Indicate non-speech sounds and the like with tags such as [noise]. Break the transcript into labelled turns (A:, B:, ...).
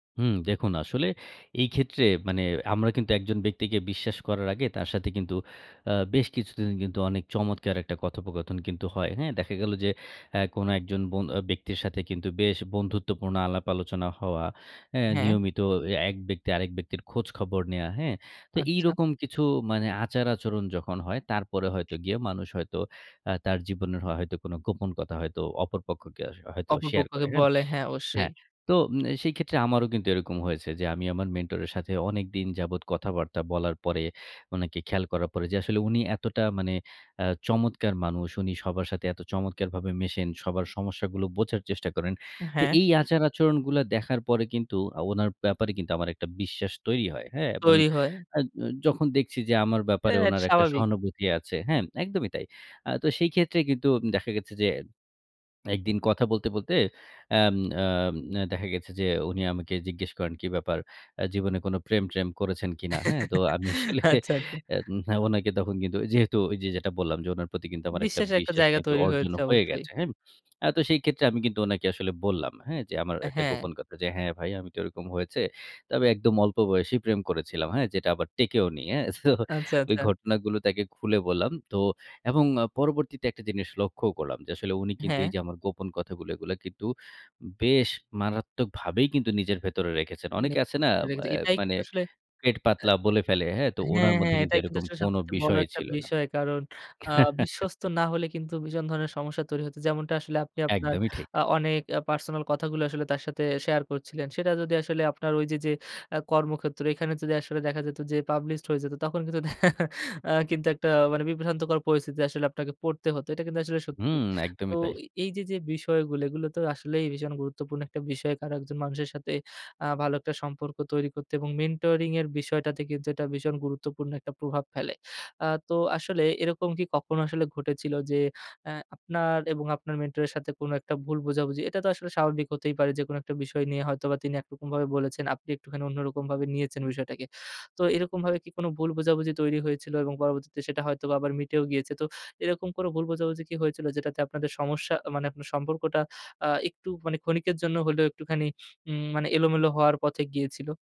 A: হুম, দেখুন আসলে এই ক্ষেত্রে মানে আমরা কিন্তু একজন ব্যক্তিকে বিশ্বাস করার আগে তার সাথে কিন্তু আ বেশ কিছুদিন অনেক চমৎকার একটা কথোপকথন কিন্তু হয় হ্যাঁ। দেখা গেল যে অ্যা কোনো একজন বো ব্যক্তির সাথে কিন্তু বেশ বন্ধুত্বপূর্ণ আলাপ-আলোচনা হওয়া হ্যাঁ,
B: হ্যাঁ।
A: নিয়মিত এক ব্যক্তি আরেক ব্যক্তির খোঁজখবর নেয়া হ্যাঁ, তো
B: আচ্ছা।
A: এইরকম কিছু মানে আচার-আচরণ যখন হয় তারপরে হয়তো গিয়ে মানুষ হয়তো আ তার জীবনের হ হয়তো কোনো গোপন কথা হয়তো অপর পক্ষকে হয়তো
B: অপর
A: শেয়ার
B: পক্ষকে
A: করে হ্যাঁ।
B: বলে, হ্যাঁ অবশ্যই।
A: হ্যাঁ, তো ম সেই ক্ষেত্রে আমারও কিন্তু এরকম হয়েছে যে আমি আমার মেন্টরের সাথে অনেকদিন যাবৎ কথাবার্তা বলার পরে, অনেকে খেয়াল করার পরে যে আসলে উনি এতটা মানে অ্যা চমৎকার মানুষ। উনি সবার সাথে এত চমৎকারভাবে মেশেন সবার সমস্যাগুলো বোঝার চেষ্টা করেন। তো
B: হ্যাঁ।
A: এই আচার-আচরণগুলা দেখার পরে কিন্তু আ উনার ব্যাপারে কিন্তু আমার একটা বিশ্বাস তৈরি হয়। হ্যাঁ, এবং
B: তৈরি হয়।
A: আ জ যখন দেখছি যে আমার
B: হ্যাঁ
A: ব্যাপারে
B: এটা,
A: উনার একটা
B: স্বাভাবিক।
A: সহানুভূতি আছে, হ্যাঁ, একদমই তাই। আ তো সেই ক্ষেত্রে কিন্তু দেখা গেছে যে ১ দিন কথা বলতে, বলতে অ্যাম আ দেখা গেছে যে উনি আমাকে জিজ্ঞেস করেন, "কি ব্যাপার আ জীবনে কোনো প্রেম-ট্রেম করেছেন কিনা?" হ্যাঁ, তো
B: [chuckles]
A: আমি আসলে
B: আচ্ছা, আচ্ছা।
A: এন ওনাকে তখন কিন্তু যেহেতু ওই যে যেটা বললাম, যে উনার প্রতি কিন্তু আমার একটা
B: বিশ্বাসের একটা
A: বিশ্বাস
B: জায়গা
A: কিন্তু
B: তৈরি
A: অর্জন
B: হয়েছে
A: হয়ে
B: অবশ্যই।
A: গেছে হ্যাঁ। আ তো সেই ক্ষেত্রে আমি কিন্তু ওনাকে আসলে বললাম, হ্যাঁ যে আমার একটা
B: হ্যাঁ।
A: গোপন কথা যে, "হ্যাঁ ভাই, আমি তো ওরকম হয়েছে। তবে একদম অল্প বয়সী প্রেম করেছিলাম হ্যাঁ, যেটা আবার টেকেওনি।" হ্যাঁ। তো
B: আচ্ছা,
A: ওই
B: আচ্ছা।
A: ঘটনাগুলো তাকে খুলে বললাম। তো এবং পরবর্তীতে একটা জিনিস লক্ষ্যও করলাম। যে আসলে উনি কিন্তু এই
B: হ্যাঁ।
A: যে আমার গোপন কথাগুলো কিন্তু বেশ মারাত্মকভাবেই কিন্তু নিজের ভেতরে রেখেছেন। অনেকে আছে না আ
B: এটাই
A: মানে
B: কিন্তু আসলে।
A: পেট পাতলা বলে ফেলে হ্যাঁ তো উনার
B: হ্যাঁ,
A: মধ্যে
B: হ্যাঁ,
A: কিন্তু
B: এটাই কিন্তু
A: এরকম
B: আসলে
A: কোনো
B: সবচাইতে বড়
A: বিষয়ই
B: একটা
A: ছিল না।
B: বিষয়। কারণ আ বিশ্বস্ত
A: [chuckles]
B: না হলে কিন্তু ভীষণ ধরনের সমস্যা তৈরি হত। যেমনটা আসলে আপনি আপনার
A: একদমই ঠিক।
B: আ অনেক পার্সোনাল কথাগুলো আসলে তার সাথে শেয়ার করছিলেন। সেটা যদি আসলে আপনার ওই যে যে আ কর্মক্ষেত্রে এখানে যদি আসলে দেখা যেত যে পাবলিশড হয়ে যেত তখন কিন্তু আ কিন্তু একটা মানে বিভ্রান্তকর পরিস্থিতি আসলে আপনাকে পড়তে হত। এটা কিন্তু আসলে সত্যি।
A: হুম,
B: তো
A: একদমই তাই।
B: এই যে যে বিষয়গুলো এগুলো তো আসলেই ভীষণ গুরুত্বপূর্ণ একটা বিষয় একজন মানুষের সাথে আ ভালো একটা সম্পর্ক তৈরি করতে এবং মেন্টরিং এর বিষয়টাতে কিন্তু এটা ভীষণ গুরুত্বপূর্ণ একটা প্রভাব ফেলে। আ তো আসলে এরকম কি কখনো আসলে ঘটেছিল যে অ্যা আপনার এবং আপনার মেন্টর এর সাথে কোনো একটা ভুল বোঝাবুঝি এটা তো আসলে স্বাভাবিক হতেই পারে যে কোনো একটা বিষয় নিয়ে হয়তোবা তিনি একরকম ভাবে বলেছেন আপনি একটুখানি অন্যরকম ভাবে নিয়েছেন বিষয়টাকে। তো এরকমভাবে কি কোনো ভুল বোঝাবুঝি তৈরি হয়েছিল এবং পরবর্তীতে সেটা হয়তোবা আবার মিটেও গিয়েছে। তো এরকম কোনো ভুল বোঝাবুঝি কি হয়েছিল যেটাতে আপনাদের সমস্যা মানে আপনার সম্পর্কটা আ একটু মানে ক্ষণিকের জন্য হলেও একটুখানি উম মানে এলোমেলো হওয়ার পথে গিয়েছিল?